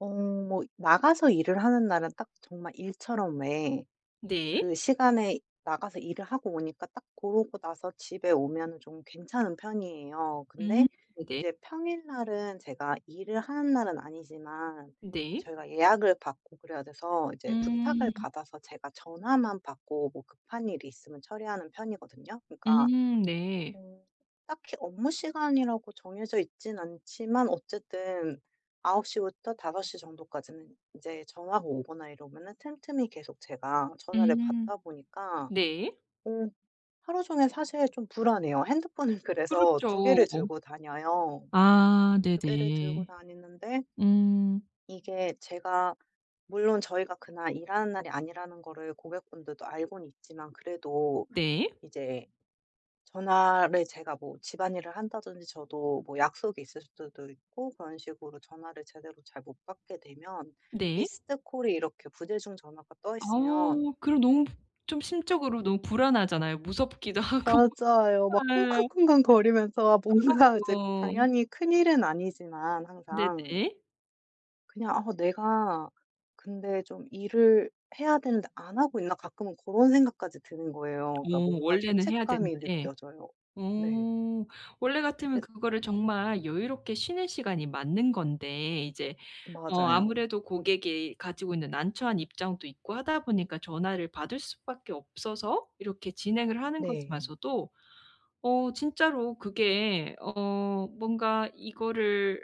어 뭐 이 나가서 일을 하는 날은 딱 정말 일처럼 왜 그 네. 시간에 나가서 일을 하고 오니까 딱 그러고 나서 집에 오면은 좀 괜찮은 편이에요. 음. 근데 네. 이제 평일 날은 제가 일을 하는 날은 아니지만 네. 저희가 예약을 받고 그래야 돼서 이제 부탁을 음. 받아서 제가 전화만 받고 뭐 급한 일이 있으면 처리하는 편이거든요. 그러니까 음. 네. 어 딱히 업무 시간이라고 정해져 있진 않지만 어쨌든 9:00 부터 5:00 정도까지는 인제 전화가 오거나 이러면은 틈틈이 계속 제가 전화를 음. 받다 보니까 네. 어 하루 종일 사실 좀 불안해요. 핸드폰을 그래서 2 개를 그렇죠. 들고 다녀요. 아. 2 개를 들고 네네. 다니는데 음. 이게 제가 물론 저희가 그날 일하는 날이 아니라는 거를 고객분들도 알고는 있지만 그래도 네. 이제 전화를 제가 뭐 집안일을 한다든지 저도 뭐 약속이 있을 수도 있고 그런 식으로 전화를 제대로 잘 못 받게 되면 네. missed call이 이렇게 부재중 전화가 떠 있으면 어. 그럼 너무 부 좀 심적으로 너무 불안하잖아요 무섭기도 하고. 맞아요. 막 예. 쿵쾅쿵쾅 거리면서 뭔가 이제 그럼요. 당연히 큰 일은 아니지만 항상 네네. 그냥 '아 내가 근데 좀 일을 해야 되는데 안 하고 있나?' 가끔은 그런 생각까지 드는 거예요. 어. 그러니까 뭔가 원래는 해야 죄책감이 되는데. 느껴져요. 네. 어 원래 같으면 그래서 그거를 정말 여유롭게 쉬는 시간이 맞는 건데 이제 어 맞아요. 아무래도 고객이 가지고 있는 난처한 입장도 있고 하다 보니까 전화를 받을 수 밖에 없어서 이렇게 진행을 하는 네. 거지만서도 어 진짜로 그게 어 뭔가 이거를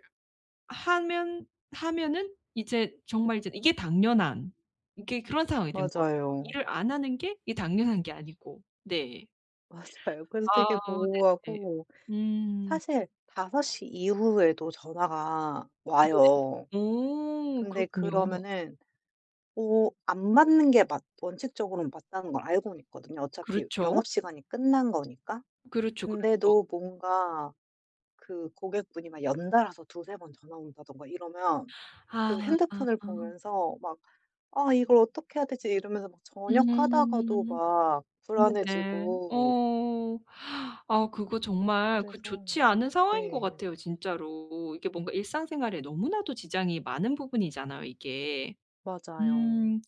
하면 하면은 이제 정말 이제 이게 당연한 이게 그런 상황이 된 것 같아요 맞아요. 일을 안 하는 게 이게 당연한 게 아니고. 네. 맞아요. 그래서 아. 되게 네네. 모호하고 음. 사실 5:00 이후에도 전화가 네네. 와요. 오. 근데 그렇군요. 그러면은 뭐 안 맞는 게 맞 원칙적으로는 맞다는 걸 알고는 있거든요 어차피 그렇죠. 영업시간이 끝난 거니까. 그렇죠, 그렇죠. 근데도 뭔가 그 고객분이 막 연달아서 2-3 번 전화 온다든가 이러면 그 아. 핸드폰을 보면서 막 '아 이걸 어떻게 해야 되지?' 이러면서 막 저녁 하다가도 음. 막 네네. 불안해지고 어. 아 그거 정말 그 그래서 좋지 않은 상황인 것 네. 같아요 진짜로. 이게 뭔가 일상생활에 너무나도 지장이 많은 부분이잖아요 이게. 맞아요. 음.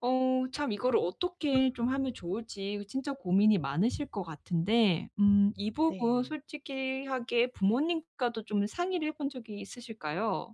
어. 참 이거를 어떻게 좀 하면 좋을지 진짜 고민이 많으실 것 같은데 음 이 부분 네. 솔직히 하게 부모님과도 좀 상의를 해 본 적이 있으실까요?